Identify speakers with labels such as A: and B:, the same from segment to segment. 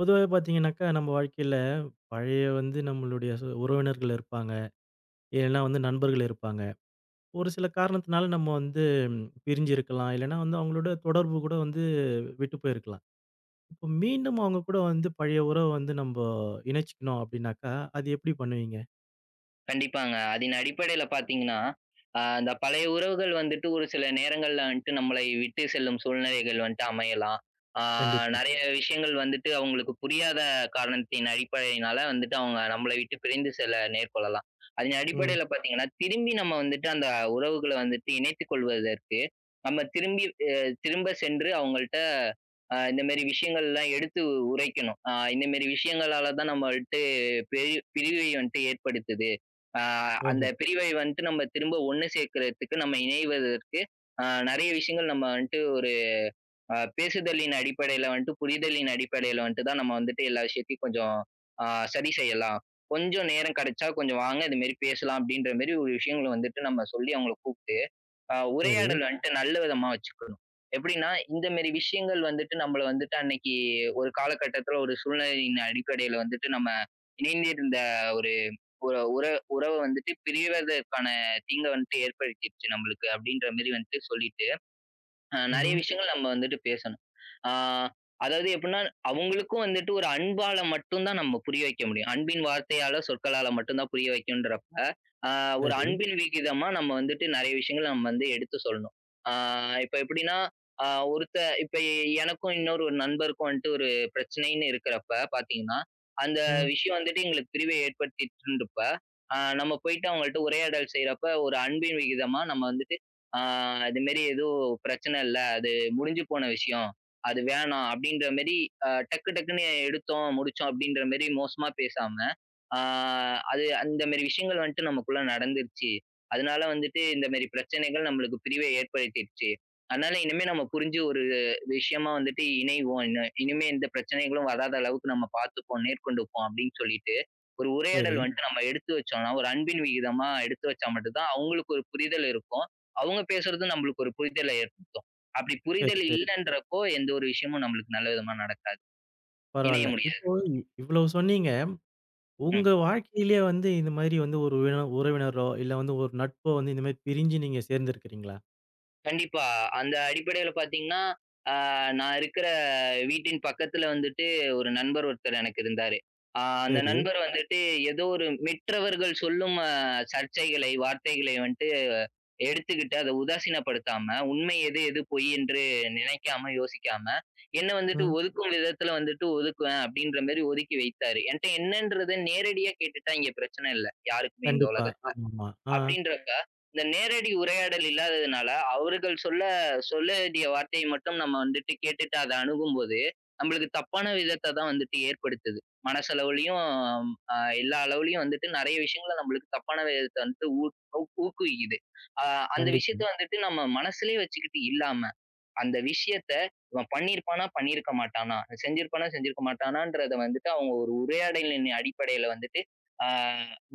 A: பொதுவாவே பார்த்தீங்கனாக்கா, நம்ப வாழ்க்கையில பழைய வந்து நம்மளுடைய சு உறவினர்கள் இருப்பாங்க. இல்லன்னா வந்து நண்பர்கள் இருப்பாங்க. ஒரு சில காரணத்துனால நம்ம வந்து பிரிஞ்சிருக்கலாம். இல்லைன்னா வந்து அவங்களோட தொடர்பு கூட வந்து விட்டு போயிருக்கலாம். இப்ப மீண்டும் அவங்க கூட வந்து பழைய உறவ வந்து நம்போ இணைச்சுக்கணும் அப்படின்னாக்கா, அது எப்படி பண்ணுவீங்க?
B: கண்டிப்பாங்க. அதின் அடிப்படையில பார்த்தீங்கன்னா, ஆ அந்த பழைய உறவுகள் வந்துட்டு ஒரு சில நேரங்கள்ல வன்ட்டு நம்மளை விட்டு செல்லும் சூழ்நிலைகள் வந்துட்டு அமையலாம். ஆ
A: கண்டிப்பா.
B: நெறைய விஷயங்கள் வந்துட்டு அவங்களுக்கு புரியாத காரணத்தின் அடிப்படையினால வந்துட்டு அவங்க நம்பள விட்டு பிரிந்து செல்ல நேர்கொள்ளலாம். அதின்
A: ம்.
B: அடிப்படையில பார்த்தீங்கன்னா, திரும்பி நம்ம வந்துட்டு அந்த உறவுகள வந்துட்டு இணைத்துக் கொள்வதற்கு, நம்ம திரும்பி அ திரும்ப சென்று அவங்கள்ட்ட அ இந்த மேரி விஷயங்கள்லாம் எடுத்து உ உரைக்கணும். ஆ இந்த மேரி விஷயங்களால தான் நம்பள்ட்ட பிரி பிரிவை வன்ட்டு ஏற்படுத்துது. அ அந்த
A: ஓஹோ.
B: பிரிவை வந்துட்டு நம்ம திரும்ப ஒண்ணு சேர்க்கறதுக்கு, நம்ம இணைவதற்கு, ஆ நெறைய விஷயங்கள் நம்ம வன்ட்டு ஒரு அ பேசுதலின் அடிப்படையில வன்ட்டு, புரிதலின் அடிப்படையில வன்ட்டு தான் நம்ம வந்துட்டு எல்லா விஷயத்தையும் கொஞ்சம் ஆ சரி செய்யலாம். "கொஞ்சம் நேரம் கெடைச்சா, கொஞ்சம் வாங்க இதுமாரி பேசலாம்." அப்படின்ற மாரி ஒரு விஷயங்கள வந்துட்டு நம்ம சொல்லி அவங்கள கூப்ட்டு, அ
A: சரி.
B: உரையாடல் வன்ட்டு நல்ல விதமா வச்சுக்கணும். எப்படின்னா, "இந்த மேரி விஷயங்கள் வந்துட்டு நம்பள வந்துட்டு அன்னைக்கு ஒரு காலகட்டத்தில ஒரு சூழ்நிலையின் அடிப்படையில வந்துட்டு, நம்ம இணைந்திருந்த ஒரு உற உற உறவு வந்துட்டு பிரிவதற்கான தீங்க வந்துட்டு ஏற்படுத்திடுச்சு நம்பளுக்கு." அப்படின்ற மாரி வந்துட்டு சொல்லிட்டு, அ நெறைய
A: ம்ஹ்ம்.
B: விஷயங்கள் நம்ம வந்துட்டு பேசணும். ஆ அதாவது எப்புட்னா, அவங்களுக்கும் வந்துட்டு ஒரு அன்பால மட்டும் தான் நம்ம புரிய வைக்க முடியும். அன்பின் வார்த்தையால, சொற்களால மட்டும் தான் புரிய வைக்கணும்ன்றப்ப, அ ஒரு
A: சரி.
B: அன்பின் விகிதமா நம்ம வந்துட்டு நெறைய விஷயங்கள் நம்ம வந்து எடுத்து சொல்லணும். ஆ இப்ப எப்படின்னா, அ ஒருத்த இப்ப எ எனக்கும், இன்னொரு ஒரு நண்பருக்கும் வன்ட்டு ஒரு பிரச்சனைன்னு இருக்கிறப்ப பார்த்தீங்கன்னா, அந்த
A: ம்.
B: விஷயம் வந்துட்டு எங்களுக்கு பிரிவை ஏற்படுத்திடுச்சுன்றப்ப, அ நம்ம போயிட்டு அவங்கள்ட்ட உரையாடல் செய்றப்ப ஒரு அன்பின் விகிதமா நம்ம வந்துட்டு, "ஆ இது மேரி எதுவும் பிரச்சனை இல்ல. அது முடிஞ்சு போன விஷயம். அது வேணாம்." அப்படின்ற மேரி அ டக்கு டக்குன்னு எடுத்தோம், முடிச்சோம் அப்படின்ற மேரி மோசமா பேசாம, "ஆ அது அந்த மேரி விஷயங்கள் வன்ட்டு நமக்குள்ள நடந்துடுச்சு. அதனால வந்துட்டு இந்த மேரி பிரச்சனைகள் நம்பளுக்கு பிரிவ ஏற்படுத்திடுச்சு. அதனால இனிமே நம்ம புரிஞ்சு ஒரு விஷயமா வந்துட்டு இணைவோம். இன இனிமே எந்த பிரச்சனைகளும் வராத அளவுக்கு நம்ம பார்த்துப்போம். நேர்கொண்டுப்போம்." அப்படின்னு சொல்லிட்டு, ஒரு உரையாடல்
A: சரி.
B: வன்ட்டு நம்ம எடுத்து வச்சோம்ன்னா, ஒரு அன்பின் விகிதமா எடுத்து வச்சா மட்டும் தான் அவங்களுக்கு ஒரு புரிதல் இருக்கும். அவுங்க பேசுறதும் நம்பளுக்கு ஒரு புரிதல ஏற்படுத்தும். அப்படி
A: சரி,
B: புரிதல்
A: சரி.
B: இல்லன்றப்போ எந்த ஒரு விஷயமும் நம்மளுக்கு நல்ல விதமா நடக்காது. இணைய
A: பரவால்ல.
B: முடியாது.
A: இப்போ இ இவ்வளோ சொன்னீங்க.
B: ம்.
A: உங்க வாழ்க்கையிலே வந்து இந்த மாரி வந்து ஒரு வேளை உறவினரோ, இல்ல வந்து ஒரு நட்போ வந்து இந்த மாரி பிரிஞ்சு நீங்க சேர்ந்திருக்கிறீங்களா?
B: கண்டிப்பா. அந்த அடிப்படைல பாத்தீங்கன்னா, ஆ நான் இருக்குற வீட்டின் பக்கத்துல வந்துட்டு ஒரு நண்பர் ஒருத்தர் எனக்கு இருந்தாரு. ஆ அந்த
A: சரி.
B: நண்பர் வந்துட்டு ஏதோ ஒரு மிற்றவர்கள் சொல்லும் ஆ சர்ச்சைகளை, வார்த்தைகளை வந்துட்டு எடுத்துக்கிட்டு அத உதாசீனப்படுத்தாம, உண்மை எது, எது பொய்யென்று நினைக்காம, யோசிக்காம, என்ன வந்துட்டு
A: ம்.
B: ஒதுக்கும் விதத்துல வந்துட்டு ஒதுக்குவேன் அப்டின்ற மாரி ஒதுக்கி வைத்தாரு. என்ட்ட என்னன்றத நேரடியா கேட்டுட்டா இங்க பிரச்சன இல்ல. யாருக்குமே இந்த
A: கண்டிப்பா.
B: உலகத்தல.
A: ஆமாமா. ஆ.
B: அப்டின்றப்ப, இந்த நேரடி உரையாடல் இல்லாததுனால, அவர்கள் சொல்ல சொல்ல வேண்டிய வார்த்தை மட்டும் நம்ம வந்துட்டு கேட்டுட்டு அத அணுகும்போது, நம்மளுக்கு தப்பான விதத்த தான் வந்துட்டு ஏற்படுத்துது, மனசளவுலயும், அ எல்லா அளவுலயும் வந்துட்டு நறைய விஷயங்கள நம்மளுக்கு தப்பான விதத்த வந்துட்டு ஊ ஊக்குவிக்குது. அ அந்த விஷயத்த
A: கண்டிப்பாங்க.
B: வந்துட்டு நம்ம மனசுலயே வச்சுக்கிட்டு இல்லாம. அந்த விஷயத்த இவன் பண்ணிருப்பானா, பண்ணிருக்க மாட்டானா, செஞ்சிருப்பானா, செஞ்சிருக்க மாட்டானான்றத வந்துட்டு, அவங்க ஒரு உரையாடலின் அடிப்படைல வந்துட்டு. ஆ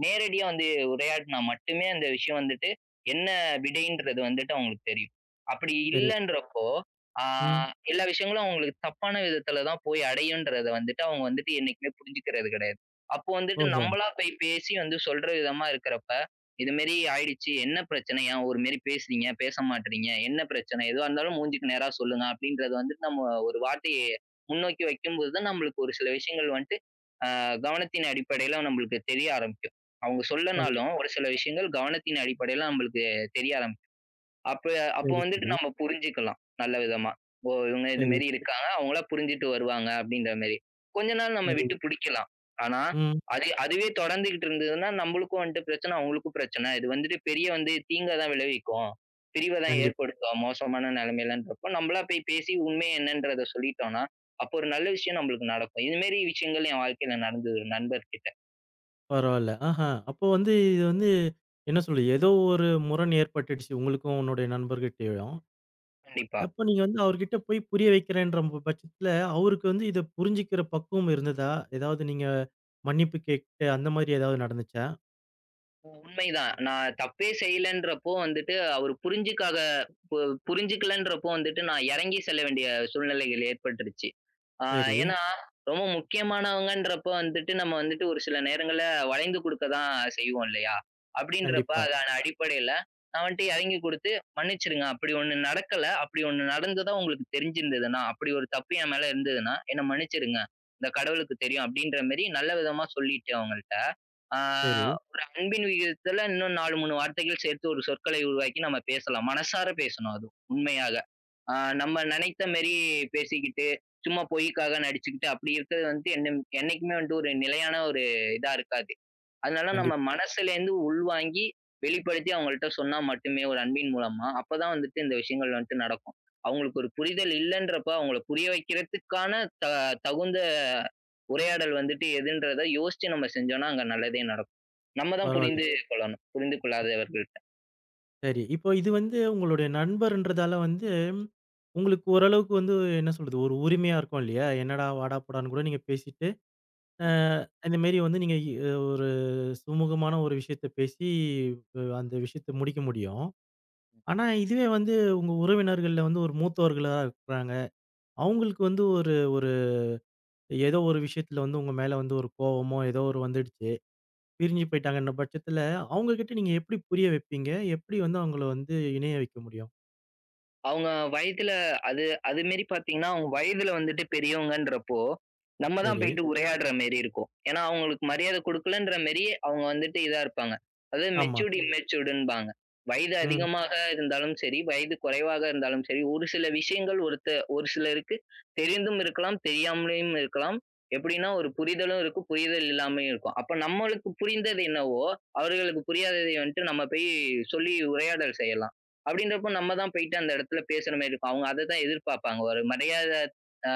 B: நேரடியா வந்து உரையாடுனா மட்டுமே அந்த விஷயம் வந்துட்டு, என்ன விடைன்றது வந்துட்டு அவங்களுக்கு தெரியும். அப்படி
A: சரி.
B: இல்லன்றப்போ. ஆ
A: ம்.
B: எல்லா விஷயங்களும் அவங்களுக்கு தப்பான விதத்தில தான் போய் அடையுன்றத வந்துட்டு அவங்க வந்துட்டு என்னைக்குமே புரிஞ்சுக்கிறது கெடையாது. அப்போ வந்துட்டு
A: ஓஹோ.
B: நம்மளா போய் பேசி வந்து சொல்ற விதமா இருக்கறப்ப, இதுமாரி ஆயிடுச்சு. என்ன பிரச்சனை. ஏன் ஒருமாரி பேசுனீங்க? பேச மாட்றீங்க? என்ன பிரச்சன? எதுவா இருந்தாலும் மூஞ்சுக்கு நேரா சொல்லுங்க. அப்டின்றத வந்துட்டு நம்ம ஒரு வாட்டி முன்னோக்கி வெக்கும்போது தான் நம்மளுக்கு ஒரு சில விஷயங்கள் வன்ட்டு, அ கவனத்தின் அடிப்படைல நம்மளுக்கு தெரிய ஆரம்பிக்கும். அவங்க சொல்லனாலும்,
A: கண்டிப்பா.
B: ஒரு சில விஷயங்கள் கவனத்தின் அடிப்படைல நம்மளுக்கு தெரிய ஆரம்பிக்கும். அப்ப அப்ப
A: சரி,
B: வந்துட்டு
A: சரி.
B: நம்ம புரிஞ்சிக்கலாம் நல்ல விதமா. ஓ, இவங்க
A: சரி.
B: இதுமேரி இருக்காங்க, அவங்களா புரிஞ்சிட்டு வருவாங்க அப்டின்ற மாரி. கொஞ்ச நாள் நம்ம விட்டு
A: சரி.
B: புடிக்கலாம். ஆனா,
A: ம்.
B: அது அதுவே தொடர்ந்துகிட்டு இருந்ததுன்னா, நம்மளுக்கும் வன்ட்டு பிரச்சன அவங்களுக்கும் பிரச்சன. இது வந்துட்டு பெரிய வந்து தீங்க தான் விளைவிக்கும். பிரிவ தான்
A: கண்டிப்பா.
B: ஏற்படுத்தும் மோசமான நெலமைலன்றப்போ நம்மளா போய் பேசி உண்மைய என்னன்றத சொல்லிட்டோனா, அப்போ ஒரு நல்ல விஷயம் நம்மளுக்கு நடக்கும். இதுமாரி விஷயங்கள் என் வாழ்க்கையில நடந்துது நண்பர்கிட்ட.
A: பரவால்ல, ஆஹா அப்போ வந்து இது வந்து, என்ன சொல்றது ஏதோ ஒரு முரண் ஏற்பட்டுடுச்சு உங்களுக்கும், உன்னுடைய நண்பர்கிட்டயும்.
B: கண்டிப்பா.
A: அப்ப நீங்க வந்து அவர்கிட்ட போய் புரிய வைக்கிறேன்ற ப பட்சத்துல, அவருக்கு வந்து இத புரிஞ்சுக்குற பக்குவம் இருந்ததா? ஏதாவது நீங்க, மன்னிப்பு கேக்ட்டு அந்த மாரி ஏதாவது நடந்துச்சா?
B: அ உண்மைதான். நான் தப்பே செய்யலன்றப்போ வந்துட்டு அவரு புரிஞ்சுக்காத பு புரிஞ்சுக்கலன்றப்போ வந்துட்டு, நான் எறங்கி செல்ல வேண்டிய சூழ்நிலைகள் ஏற்பட்டுருச்சு. ஆ
A: சரி.
B: ஏன்னா, ரொம்ப முக்கியமானவங்கன்றப்போ வந்துட்டு, நம்ம வந்துட்டு ஒரு சில நேரங்கள்ல வளைந்து குடுக்க தான் செய்வோம் இல்லயா? அப்டின்றப்ப
A: கண்டிப்பா.
B: அதான அடிப்படையில நான் வன்ட்டு எறங்கி குடுத்து, மன்னிச்சுருங்க, அப்டி ஒண்ணு நடக்கல. அப்டி ஒண்ணு நடந்ததும் உங்களுக்கு தெரிஞ்சிருந்ததுன்னா, அப்டி ஒரு தப்பு என் மேல இருந்ததுன்னா, என்ன மன்னிச்சிருங்க. இந்த கடவுளுக்கு தெரியும் அப்டின்ற மாரி, நல்ல விதமா சொல்லிட்டு அவங்கள்ட்ட. ஆ,
A: சரி.
B: ஒரு அன்பின் விகிதத்துல இன்னும் 4, 3 வார்த்தைகள் சேர்த்து ஒரு சொற்களை உருவாக்கி, நம்ம பேசலாம். மனசார பேசணும் அது, உண்மையாக. ஆ, நம்ம நெனைத்த மேரி பேசிக்கிட்டு, சும்மா பொய்க்காக நடிச்சுக்கிட்டு, அப்டி இருக்குறது வந்து, என்னம் என்னைக்குமே வந்துட்டு ஒரு நிலையான ஒரு இதா இருக்காது. அதனால நம்ம
A: கண்டிப்
B: மனசலேந்து உள்வாங்கி, வெளிப்படுத்தி அவங்கள்ட்ட சொன்னா மட்டுமே, ஒரு அன்பின் மூலமா. அப்ப தான் வந்துட்டு இந்த விஷயங்கள் வந்துட்டு நடக்கும். அவங்களுக்கு ஒரு புரிதல் இல்லன்றப்ப அவங்கள புரிய வெக்குறதுக்கான த தகுந்த உரையாடல் வந்துட்டு எதுன்றத யோசிச்சு நம்ம செஞ்சோம்னா, அங்க நல்லதே நடக்கும். நம்ம தான்
A: பரவால்ல.
B: புரிந்து கொள்ளணும். புரிந்து கொள்ளாதவர்கள்ட்ட.
A: சரி. இப்போ இது வந்து உங்களுடைய நண்பர்ன்றதால வந்து, உங்களுக்கு ஓரளவுக்கு வந்து என்ன சொல்றது ஒரு உரிமையா இருக்கும் இல்லையா? என்னடா, வாடா, போடான்னு கூட நீங்க பேசிட்டு, அ,
B: [unintelligible]
A: இந்த மேரி வந்து நீங்க ஒரு சுமூகமான ஒரு விஷயத்த பேசி, அ, அந்த விஷயத்த முடிக்க முடியும். ஆனா இதுவே வந்து உங்க உறவினர்கள்ல வந்து ஒரு மூத்தவர்களா இருக்கறாங்க. அவுங்களுக்கு வந்து ஒரு ஒரு ஏதோ ஒரு விஷயத்துல வந்து உங்க மேல வந்து ஒரு கோவமோ, ஏதோ ஒரு வந்துடுச்சு. பிரிஞ்சி போய்ட்டாங்கன்ற பட்சத்தில அவுங்ககிட்ட நீங்க எப்டி புரிய வெப்பீங்க? எப்டி வந்து அவுங்கள வந்து இணைய வைக்க முடியும்?
B: அவுங்க வயதில அது அது மேரி பாத்தீங்கன்னா, அவுங்க வயதுல வந்துட்டு பெரியவங்கன்றப்போ, நம்ம தான்
A: சரி.
B: போய்ட்டு உரையாடுற மேரி இருக்கும். ஏன்னா, அவுங்களுக்கு மரியாத குடுக்கலன்ற மேரி அவுங்க வந்துட்டு இதா இருப்பாங்க. அது
A: ஆமா.
B: மெச்சூர்ட், இம்மெச்சூர்டுன்பாங்க. வயது
A: ம்.
B: அதிகமாக இருந்தாலும் சரி, வயது கொறைவாக இருந்தாலும் சரி, ஒரு சில விஷயங்கள் ஒருத்த ஒரு சிலருக்கு தெரிந்தும் இருக்கலாம், தெரியாமலயும் இருக்கலாம். எப்டின்னா ஒரு புரிதலும் இருக்கும், புரிதல் இல்லாமயும் இருக்கும். அப்ப நம்மளுக்கு புரிந்தது என்னவோ, அவர்களுக்கு புரியாததை வந்துட்டு நம்ம போய் சொல்லி உரையாடல் செய்யலாம். அப்டின்றப்போ நம்ம தான் போய்ட்டு அந்த எடத்துல பேசுற மாரி இருக்கும். அவுங்க அத தான் எதிர்பாப்பாங்க. ஒரு மரியாத ஆ,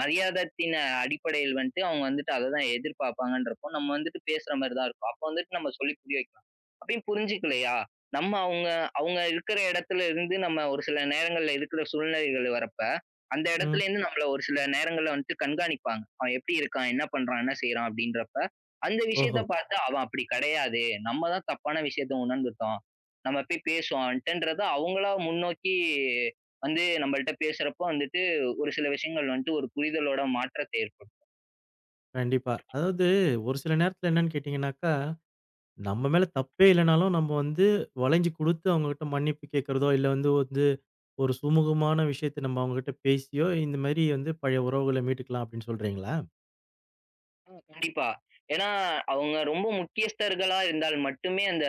B: மரியாதத்தின் அடிப்படையில் வன்ட்டு, அவுங்க வந்துட்டு அத தான் எதிர்பாப்பாங்கன்றப்போ நம்ம வந்துட்டு பேசுற மாரி தான் இருக்கும். அப்போ வந்துட்டு நம்ம சொல்லி புரிய வைக்கலாம். அப்டியும் புரிஞ்சுக்கலையா? நம்ம அவுங்க, அவுங்க இருக்கிற இடத்துல இருந்து நம்ம ஒரு சில நேரங்கள்ல இருக்கிற சூழ்நிலைகள்ல வர்றப்ப, அந்த
A: ம்.
B: எடத்துலேந்து நம்மள ஒரு சில நேரங்கள்ல வன்ட்டு கண்காணிப்பாங்க. அவன் எப்டி இருக்கான்? என்ன பண்றான்? என்ன செய்றான்? அப்டின்றப்ப, அந்த
A: ஓஹோ!
B: விஷயத்த பாத்தா அவன் அப்டி கெடையாது, நம்ம தான் தப்பான விஷயத்த உணர்ந்துட்டோம். நம்ம போய் பேசுவோம் அவுன்ட்டன்றத அவுங்களா முன்னோக்கி வந்து நம்மள்ட்ட பேசுறப்போ வந்துட்டு ஒரு சில விஷயங்கள் வன்ட்டு ஒரு புரிதலோட மாற்றத்தை ஏற்படுத்தும்.
A: கண்டிப்பா. அதாவது ஒரு சில நேரத்துல என்னன்னு கேட்டீங்கனாக்கா, நம்ம மேல தப்பே இல்லனாலும் நம்ம வந்து வளஞ்சு குடுத்து, அவுங்ககிட்ட மன்னிப்பு கேட்குறதோ, இல்ல வந்து வந்து ஒரு சுமூகமான விஷயத்த நம்ம அவுங்கட்ட பேசியோ, இந்த மாரி வந்து பழைய உறவுகள மீட்டுக்கலாம் அப்டின்னு சொல்றீங்களா?
B: அ கண்டிப்பா. ஏன்னா அவுங்க ரொம்ப முக்கியஸ்தர்களா இருந்தால் மட்டுமே அந்த,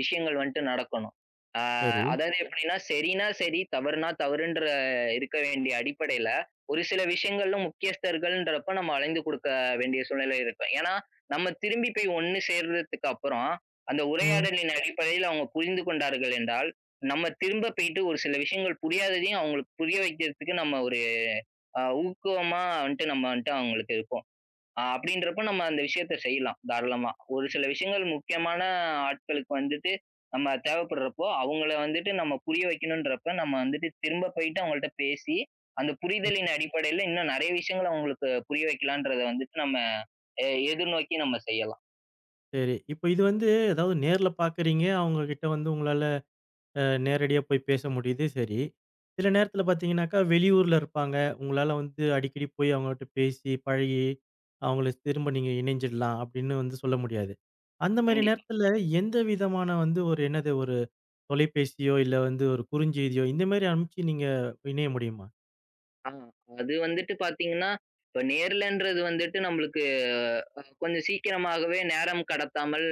B: விஷயங்கள் வன்ட்டு நடக்கணும். ஆ
A: சரி.
B: அதாவது எப்டின்னா, செரினா, செரி, தவறுனா, தவறுன்ற இருக்க வேண்டிய அடிப்படையில, ஒரு சில விஷயங்களும், முக்கியஸ்தர்கள்ன்றப்ப நம்ம அலைந்து குடுக்க வேண்டிய சூழ்நிலைகள் இருக்கும். ஏன்னா, நம்ம திரும்பி போய் ஒண்ணு சேர்றதுக்கப்புறம், அந்த
A: ம்.
B: உரையாடலின் அடிப்படையில அவுங்க புரிந்து கொண்டார்கள் என்றால், நம்ம திரும்ப போய்ட்டு ஒரு சில விஷயங்கள் புரியாததையும் அவுங்களுக்கு புரிய வைக்குறதுக்கு நம்ம ஒரு அ ஊக்குவமா வன்ட்டு நம்ம வன்ட்டு அவுங்களுக்கு இருப்போ. அ அப்டின்றப்போ நம்ம அந்த விஷயத்த செய்யலாம், தாராளமா. ஒரு சில விஷயங்கள் முக்கியமான ஆட்களுக்கு வந்துட்டு, நம்ம தேவப்படுறப்போ, அவுங்கள வந்துட்டு நம்ம புரிய வைக்கணுன்றப்ப நம்ம வந்துட்டு திரும்ப போயி்ட்டு, அவுங்கள்ட்ட பேசி, அந்த
A: ம்.
B: புரிதலின் அடிப்படையில இன்னும் நெறய விஷயங்கள அவுங்களுக்கு, புரிய வெக்கலான்ன்றத வந்துட்டு நம்ம, எ எதிர்நோக்கி நம்ம செய்யலாம்.
A: சரி. இப்ப இது வந்து ஏதாவது நேர்ல பாக்கறீங்க. அவங்க கிட்ட வந்து உங்களால அ, நேரடியா போய் பேச முடிது சரி. சில நேரத்துல பாத்தீங்கன்னாக்கா, வெளியூர்ல இருப்பாங்க. உங்ளால வந்து அடிக்கடி போய் அவங்கட்ட பேசி, பழகி, அவங்கள திரும்ப நீங்க இணைஞ்சிடலாம் அப்டின்னு வந்து சொல்ல முடியாது. அந்த மாரி
B: கண்டிப்பா.
A: நேரத்துல எந்த விதமான வந்து ஒரு என்னது ஒரு தொலைபேசியோ, இல்ல வந்து ஒரு குறுஞ்செய்தியோ, இந்த மாரி ஆனுப்ச்சு நீங்க இணைய முடியுமா?
B: ஆ, அது வந்துட்டு பாத்தீங்ன்னா. இப்ப நேர்லன்றது வந்துட்டு நம்ளுக்கு அ கொஞ்சம் சீக்கிரமாகவே நேரம் கடத்தாமல்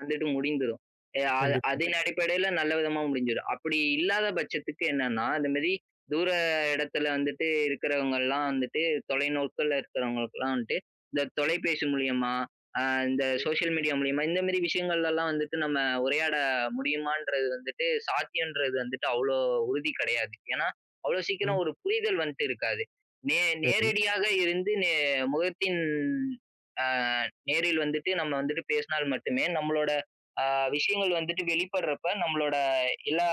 B: வந்துட்டு முடிந்துரும். எ அ
A: கண்டிப்பா.
B: அதின் அடிப்படையில நல்ல விதமா முடிஞ்சிரும். அப்படி இல்லாத பட்சத்துக்கு என்னன்னா, அந்த மாரி தூர இடத்துல வந்துட்டு இருக்கிறவங்கள்லாம் வந்துட்டு, தொலைநோக்கல இருக்கிறவங்களுகலாம் வந்துட்டு, இந்த தொலைபேசி மூலியமா, அ இந்த சோஷியல் மீடியா மூலியமா இந்த மாரி விஷயங்கள்லல்லாம் வந்துட்டு நம்ம உரையாட முடியுமான்றது வந்துட்டு, சாத்தியம்றது வந்துட்டு அவ்ளோ உறுதி கிடையாது. ஏன்னா, அவ்வளோ சீக்கிரம்
A: ம்.
B: ஒரு புரிதல் வந்ட்டு இருக்காது. நே
A: சரி.
B: நேரடியாக இருந்து நே முகத்தின் அ நேரில் வந்துட்டு நம்ம வந்துட்டு பேசினால் மட்டுமே நம்மளோட அ விஷயங்கள் வந்துட்டு வெளிப்படுறப்ப, நம்மளோட எல்லா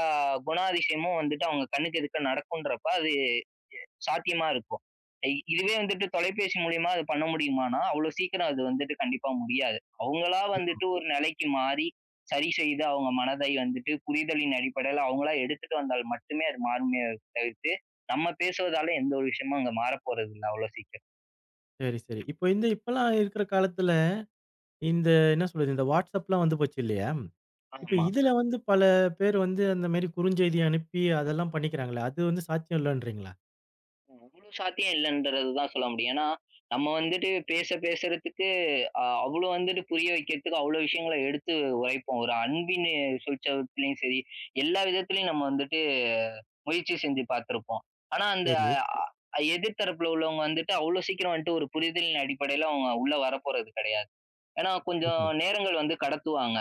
B: குணாதிசயமும் வந்துட்டு அவங்க கண்ணுக்கு எதுக்க நடக்குன்றப்ப அது எ சாத்தியமா இருக்கும். ஐ இதுவே வந்துட்டு தொலைபேசி மூலியமா அது பண்ண முடியுமானா, அவ்ளோ சீக்கிரம் அது வந்துட்டு கண்டிப்பா முடியாது. அவங்களா வந்துட்டு ஒரு நிலைக்கு மாறி, சரி செய்து அவங்க மனதை வந்துட்டு, புரிதலின் அடிப்படையில அவங்களா எடுத்துட்டு வந்தால் மட்டுமே அது மாறும்னே தவிர்த்து. நம்ம பேசுவதால எந்த ஒரு விஷயமும் அங்க மாறப்போறதில்ல. அவ்வளோ சீக்கிரம்.
A: சரி, சரி. இப்ப இந்த இப்பலாம் இருக்குற காலத்துல, இந்த என்ன சொல்றது, இந்த வாட்ஸ்அப்லாம் வந்து போச்சு இல்லையா? இப்ப
B: ஆமா.
A: இதுல வந்து பல பேரு வந்து அந்த மாரி குறுஞ்செய்தி அனுப்பி அதெல்லாம் பண்ணிக்கிறாங்களே அது வந்து சாத்தியம் இல்லன்றீங்களா?
B: அவ்வளோ சாத்தியம் இல்லன்றது தான் சொல்ல முடியும். ஏன்னா, நம்ம வந்துட்டு பேச பேசுறதுக்கு, அ அவ்ளோ வந்துட்டு புரிய வைக்கிறதுக்கு அவ்ளோ விஷயங்கள எடுத்து உரைப்போம். ஒரு அன்பினு சுழிசத்தலயும் சரி, எல்லா விதத்திலயும் நம்ம வந்துட்டு முயற்சி செஞ்சு பாத்துருப்போம். ஆனா அந்த
A: சரி.
B: அ எதிர்தரப்பல உள்ளவங்க வந்துட்டு அவ்ளோ சீக்கிரம் வந்துட்டு ஒரு புரிதலின் அடிப்படையில அவங்க உள்ள வரப்போறது கெடையாது. ஏனா கொஞ்சம்
A: ம்ஹ்ம்.
B: நேரங்கள் வந்து கடத்துவாங்க.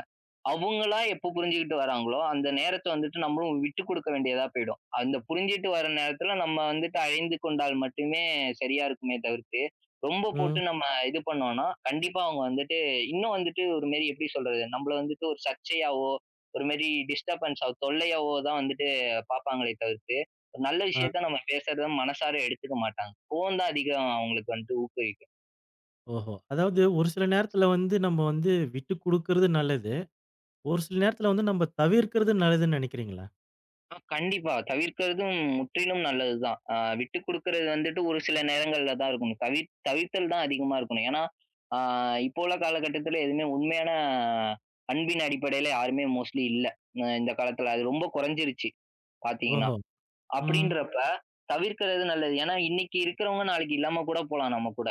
B: அவுங்களா எப்போ புரிஞ்சுகிட்டு வராங்களோ, அந்த நேரத்த வந்துட்டு நம்மளும் விட்டு குடுக்க வேண்டியதா போயிடும். அந்த புரிஞ்சுட்டு வர நேரத்துல நம்ம வந்துட்டு அழைந்து கொண்டால் மட்டுமே சரியா இருக்குமே தவிர்த்து, ரொம்ப
A: ம்.
B: போட்டு நம்ம இது பண்ணோனா, கண்டிப்பா அவுங்க வந்துட்டு இன்னும் வந்துட்டு ஒரு மெரி எப்டி சொல்றது? நம்பள வந்துட்டு ஒரு சர்ச்சையாவோ, ஒருமாரி டிஸ்டர்பன்ஸா தொல்லையாவோ தான் வந்துட்டு பாப்பாங்களே தவிர்த்து, ஒரு நல்ல
A: ஆ.
B: விஷயத்த நம்ம பேசுறத மனசார எடுத்துக்க மாட்டாங்க. ஃபோன் தான் அதிகம் அவுங்களுக்கு வந்துட்டு ஊக்குவிக்கும்.
A: ஓஹோ! அதாவது ஒரு சில நேரத்துல வந்து நம்ம வந்து விட்டு குடுக்கறது நல்லது. ஒரு சில நேரத்துல வந்து நம்ப தவிர்க்கிறது நல்லதுன்னு நெனைக்கிறீங்களா?
B: ஆ கண்டிப்பா, தவிர்க்கிறதும் முற்றிலும் நல்லது தான், அ விட்டு குடுக்குறது வந்துட்டு ஒரு சில நேரங்கள்ல தான் இருக்கணும். தவிர்த் தவிர்த்தல் தான் அதிகமா இருக்கணும். ஏன்னா, ஆ இப்போ உள்ள காலகட்டத்தில எதுவுமே உண்மையான அன்பின் அடிப்படையில யாருமே மோஸ்ட்லி இல்ல. அ இந்த காலத்தில அது ரொம்ப கொறஞ்சிருச்சு, பாத்தீங்கன்னா.
A: ஓஹோ! ம்.
B: அப்டின்றப்ப தவிர்க்கிறது நல்லது. ஏன்னா, இன்னிக்கு இருக்கிறவங்க நாளைக்கு இல்லாம கூட போலாம் நம்ம கூட.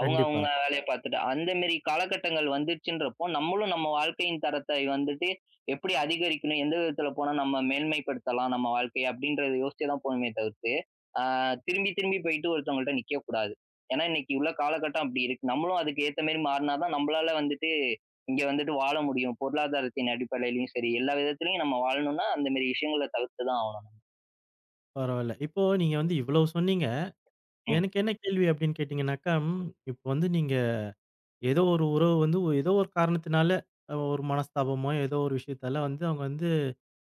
B: அவுங்க,
A: கண்டிப்பா.
B: அவுங்க வேலைய பாத்துட்டு. அந்த மேரி காலகட்டங்கள் வந்துருச்சுன்றப்போ, நம்மளும் நம்ம வாழ்க்கையின் தரத்தை வந்துட்டு, எப்படி அதிகரிக்கணும்? எந்த விதத்தில போனா நம்ம மேன்மைப்படுத்தலாம் நம்ம வாழ்க்கைய அப்டின்றத யோசிச்சு தான் போணுமே தவிர்த்து, அ திரும்பி, திரும்பி போயி்ட்டு ஒருத்தவங்கள்ட்ட நிக்கக்கூடாது. ஏன்னா, இன்னிக்கு உள்ள காலகட்டம் அப்டி இருக்கு. நம்மளும் அதுக்கு ஏத்த மேரி மாறுனாதான் நம்பளால வந்துட்டு, இங்க வந்துட்டு வாழ முடியும். பொருளாதாரத்தின் அடிப்படையிலும் சரி, எல்லா விதத்திலயும் நம்ம வாழணும்னா, அந்த மாரி விஷயங்கள தவிர்த்து தான் ஆவணும்.
A: பரவால்ல, இப்போ நீங்க வந்து இவ்ளோ சொன்னீங்க?
B: ம்.
A: எனக்கு என்ன கேள்வி அப்டின் கேட்டீங்கனாக்கா ம், இப்ப வந்து நீங்க ஏதோ ஒரு உறவு வந்து ஏதோ ஒரு காரணத்தினால, அ ஒரு மனஸ்தாபமோ, ஏதோ ஒரு விஷயத்தால வந்து அவுங்க வந்து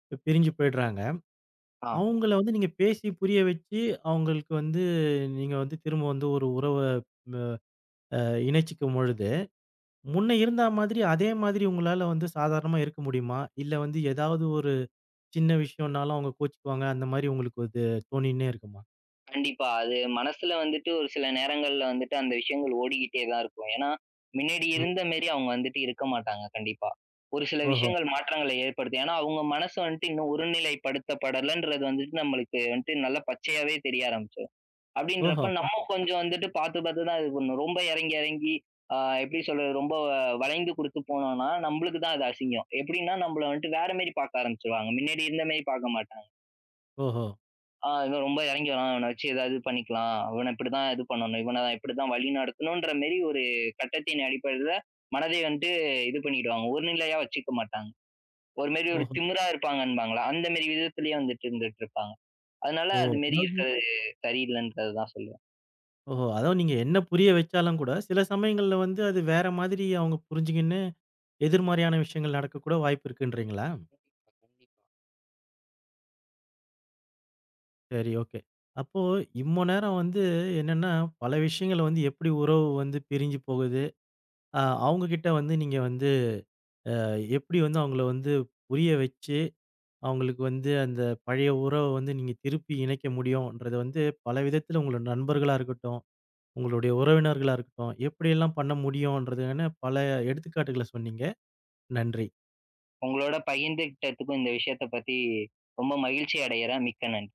A: இப்ப பிரிஞ்சு போயிடுறாங்க.
B: ஆ.
A: அவுங்கள வந்து நீங்க பேசி, புரிய வச்சு அவுங்களுக்கு வந்து நீங்க வந்து திரும்ப வந்து ஒரு உறவ வ அ இணைச்சிக்கும் பொழுது, முன்ன இருந்தா மாதிரி அதே மாதிரி உங்களால வந்து சாதாரணமா இருக்க முடியுமா? இல்ல வந்து ஏதாவது ஒரு சின்ன விஷயன்னாலும் அவுங்க கோவிச்சுக்குவாங்க, அந்த மாரி உங்களுக்கு இது தோணின்னே இருக்குமா.
B: கண்டிப்பா. அது மனசுல வந்துட்டு ஒரு சில நேரங்கள்ல வந்துட்டு அந்த விஷயங்கள் ஓடிக்கிட்டே தான் இருக்கும். ஏன்னா, மின்னாடி
A: ம்.
B: இருந்த மெரி அவுங்க வந்துட்டு இருக்க மாட்டாங்க கண்டிப்பா. ஒரு சில
A: ஓஹோ!
B: விஷயங்கள் மாற்றங்களை ஏற்படுத்தும். ஏன்னா, அவுங்க மனசு வன்ட்டு இன்னும் ஒருநிலைப்படுத்தப்படலன்றது வந்துட்டு நம்மளுக்கு வன்ட்டு நல்ல பச்சையாவே தெரிய ஆரம்பிச்சரும்.
A: ஓஹோ!
B: அப்டின்றப்ப
A: அ.
B: நம்ம கொஞ்சம் வந்துட்டு பாத்து, பாத்து தான் இது பண்ணும். ரொம்ப எறங்கி, எறங்கி ஆ எப்டி சொல்றது ரொம்ப வ வளைந்து குடுத்து போனோனா, நம்பளுக்கு தான் அது அசிங்கம். எப்டின்னா நம்பள வன்ட்டு வேற மெரி பாக்க ஆரம்பிச்சுருவாங்க. மின்னாடி இருந்த மெரி பாக்க மாட்டாங்க.
A: ஓஹோ!
B: ஆ இன்னும் ரொம்ப எறங்கி வரான். இவன வச்சு ஏதாவது பண்ணிக்கலாம். இவன இப்டிதான் இது பண்ணணும். இவன இப்டிதான் வழி நடத்தணுன்ற மெரி ஒரு கட்டத்தின் அடிப்படைல மனதை வன்ட்டு இது பண்ணிடுவாங்க, ஒருநிலையா வச்சுக்க மாட்டாங்க. ஒரு மெரி ஒரு
A: ஓஹோ!
B: திமுரா இருப்பாங்கன்பாங்கல? அந்த மெரி விதத்திலயே வந்துட்டு இருந்துட்டு இருப்பாங்க. அதனால அது
A: ஓ!
B: மெரி
A: [unintelligible]
B: இருக்கிறது சரியில்லைன்றது தான் சொல்லுவேன்.
A: ஓஹோ! அதுவும் நீங்க என்ன புரிய வெச்சாலும் கூட, சில சமயங்கள்ல வந்து அது வேற மாதிரி அவுங்க புரிஞ்சிங்கின்னு எதிர்மாறியான விஷயங்கள் நடக்கக்கூட வாய்ப்பு இருக்குன்றீங்களா?
B: கண்டிப்பா, கண்டிப்
A: சரி, ஓகே. அப்போ இம்ம நேரம் வந்து என்னன்னா, பல விஷயங்கள வந்து எப்டி உறவு வந்து பிரிஞ்சு போகுது, அ அவுங்க கிட்ட வந்து நீங்க வந்து, அ எப்டி வந்து அவுங்கள வந்து புரிய வச்சு, அவுங்களுக்கு வந்து அந்த பழைய உறவ வந்து நீங்க திருப்பி இணைக்க முடியும்ன்றது வந்து பல விதத்துல உங்கள நண்பர்களா இருக்கட்டும், உங்களுடைய உறவினர்களா இருக்கட்டும் எப்டியெல்லாம் பண்ண முடியுன்றதுன்னு பல எடுத்துக்காட்டுகள சொன்னீங்க. நன்றி.
B: உங்களோட பகிர்ந்துகிட்டதுக்கும் இந்த விஷயத்த பத்தி, ரொம்ப மகிழ்ச்சி அடையுறேன். மிக்க நன்றி.